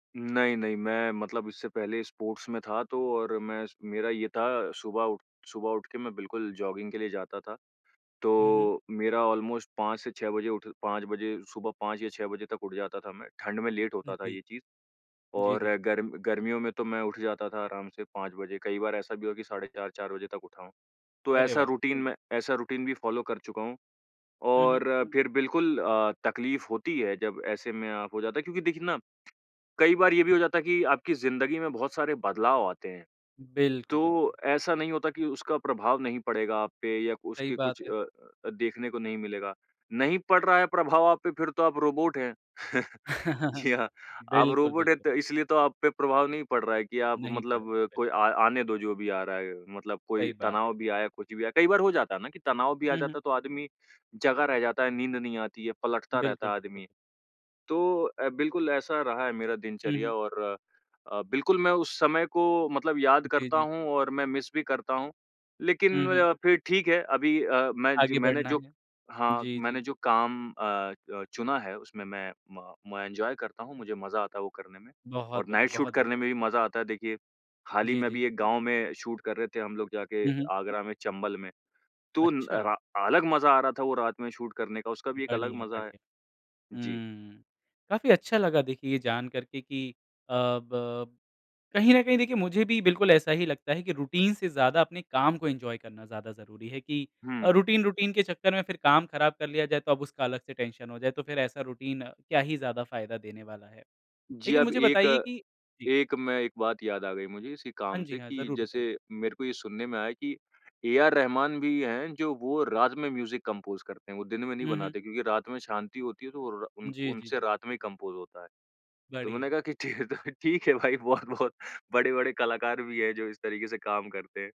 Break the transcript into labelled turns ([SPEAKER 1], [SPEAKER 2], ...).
[SPEAKER 1] नहीं, नहीं, मैं मतलब इससे पहले स्पोर्ट्स में था तो और मैं स मेरा ये था सुबह उठ सुबह उठ के मैं बिल्कुल जॉगिंग के लिए जाता था।
[SPEAKER 2] हुँ, हुँ।
[SPEAKER 1] तो मेरा ऑलमोस्ट 5 से 6 बजे उठ 5 बजे, सुबह 5 या 6 बजे तक उठ जाता था मैं। ठंड में लेट होता था
[SPEAKER 2] जी।
[SPEAKER 1] ये चीज़
[SPEAKER 2] जी,
[SPEAKER 1] और
[SPEAKER 2] जी।
[SPEAKER 1] गर्म गर्मियों में तो मैं उठ जाता था आराम से 5 बजे, कई बार ऐसा भी हुआ कि साढ़े 4-4 बजे तक उठा हूँ। तो
[SPEAKER 2] अरे
[SPEAKER 1] ऐसा
[SPEAKER 2] वाह!
[SPEAKER 1] रूटीन मैं ऐसा रूटीन भी फॉलो कर चुका हूँ
[SPEAKER 2] हुँ, हुँ।
[SPEAKER 1] और फिर बिल्कुल अ, तकलीफ होती है जब ऐसे में अ, हो जाता है क्योंकि देखिए ना, कई बार ये भी हो जाता है कि आपकी ज़िंदगी में बहुत सारे बदलाव आते हैं,
[SPEAKER 2] बिल्कुल, बिल्कुल।
[SPEAKER 1] तो ऐसा नहीं होता कि उसका प्रभाव नहीं पड़ेगा आप पे या
[SPEAKER 2] सही
[SPEAKER 1] उसके
[SPEAKER 2] बात
[SPEAKER 1] कुछ
[SPEAKER 2] है।
[SPEAKER 1] अ अ, देखने को नहीं मिलेगा। नहीं पड़ रहा है प्रभाव आप पे फिर तो आप रोबोट हैं, जी हाँ। आप
[SPEAKER 2] बिल्कुल,
[SPEAKER 1] रोबोट है
[SPEAKER 2] बिल्कुल।
[SPEAKER 1] तो इसलिए तो आप पे प्रभाव नहीं पड़ रहा है कि आप
[SPEAKER 2] नहीं पड़ा,
[SPEAKER 1] मतलब कोई
[SPEAKER 2] बिल्कुल।
[SPEAKER 1] आ आने दो जो भी आ रहा है, मतलब
[SPEAKER 2] सही
[SPEAKER 1] कोई
[SPEAKER 2] बात
[SPEAKER 1] तनाव
[SPEAKER 2] है।
[SPEAKER 1] भी आया, कुछ भी आया, कई बार हो जाता है ना कि तनाव भी आ
[SPEAKER 2] हुँ, हुँ।
[SPEAKER 1] जाता है, तो आदमी जगा रह जाता है, नींद नहीं आती है पलटता रहता
[SPEAKER 2] बिल्कुल,
[SPEAKER 1] है
[SPEAKER 2] बिल्कुल।
[SPEAKER 1] आदमी। तो अ, बिल्कुल ऐसा रहा है मेरा
[SPEAKER 2] हुँ,
[SPEAKER 1] दिनचर्या
[SPEAKER 2] हुँ।
[SPEAKER 1] और अ, बिल्कुल मैं उस समय को मतलब याद
[SPEAKER 2] जी,
[SPEAKER 1] करता
[SPEAKER 2] जी।
[SPEAKER 1] हूँ और मैं मिस भी करता हूँ लेकिन
[SPEAKER 2] हुँ,
[SPEAKER 1] मैं
[SPEAKER 2] हुँ।
[SPEAKER 1] ज़्या फिर ठीक है, अभी अ, मैं ज
[SPEAKER 2] आगे
[SPEAKER 1] मैंने
[SPEAKER 2] बढ़ना
[SPEAKER 1] जो
[SPEAKER 2] है।
[SPEAKER 1] हाँ
[SPEAKER 2] जी,
[SPEAKER 1] मैंने
[SPEAKER 2] जी।
[SPEAKER 1] जो काम अ अ, चुना है उसमे मैं म मैं एन्जॉय करता हूँ, मुझे मज़ा आता है वो करने में
[SPEAKER 2] बहुत
[SPEAKER 1] और
[SPEAKER 2] बढ़िया,
[SPEAKER 1] नाइट शूट
[SPEAKER 2] बहुत
[SPEAKER 1] करने
[SPEAKER 2] बढ़िया।
[SPEAKER 1] में भी मज़ा आता है देखिए। हाल ही
[SPEAKER 2] जी,
[SPEAKER 1] में
[SPEAKER 2] जी।
[SPEAKER 1] अभी एक गाँव में शूट कर रहे थे हम लोग जाके
[SPEAKER 2] हुँ, हुँ।
[SPEAKER 1] आगरा में, चंबल में, तो न
[SPEAKER 2] अच्छा।
[SPEAKER 1] र अलग मज़ा आ रहा था वो रात में शूट करने का उसका भी एक अलग
[SPEAKER 2] बढ़िया,
[SPEAKER 1] मज़ा है।
[SPEAKER 2] बढ़िया।
[SPEAKER 1] जी।
[SPEAKER 2] हुँ, काफ़ी अच्छा लगा देखिए ये जान कर के कि अ, ब कहीं न कहीं देखिए मुझे भी बिल्कुल ऐसा ही लगता है कि रूटीन से ज़्यादा अपने काम को एन्जॉय करना ज़्यादा ज़रूरी है कि अ,
[SPEAKER 1] हुँ।
[SPEAKER 2] रूटीन रूटीन के चक्कर में फिर काम ख़राब कर लिया जाए तो अब उसका अलग से टेंशन हो जाए तो फिर ऐसा रूटीन क्या ही ज़्यादा फ़ायदा देने वाला है।
[SPEAKER 1] जी,
[SPEAKER 2] लेकिन
[SPEAKER 1] अब
[SPEAKER 2] मुझे
[SPEAKER 1] एक
[SPEAKER 2] बताइए कि जी।
[SPEAKER 1] एक मैं एक बात याद आ गई मुझे, इसी
[SPEAKER 2] हाँ
[SPEAKER 1] काम
[SPEAKER 2] जी,
[SPEAKER 1] से
[SPEAKER 2] हाँ,
[SPEAKER 1] कि
[SPEAKER 2] ज़रूर बताइए।
[SPEAKER 1] जैसे मेरे को ये सुनने में आया कि ए आर रहमान भी है जो वो रात में म्यूज़िक कंपोज़ करते हैं, वो दिन में नहीं
[SPEAKER 2] हुँ, हुँ।
[SPEAKER 1] बनाते क्योंकि रात में शांति होती है तो वो रा उन
[SPEAKER 2] जी, जी,
[SPEAKER 1] उनसे
[SPEAKER 2] जी।
[SPEAKER 1] रात में ही कंपोज़ होता है। तो मैंने
[SPEAKER 2] बढ़िया।
[SPEAKER 1] कहा कि ठीक है तो, ठीक है भाई बहुत-बहुत बड़े-बड़े कलाकार भी है जो इस तरीके से काम करते हैं।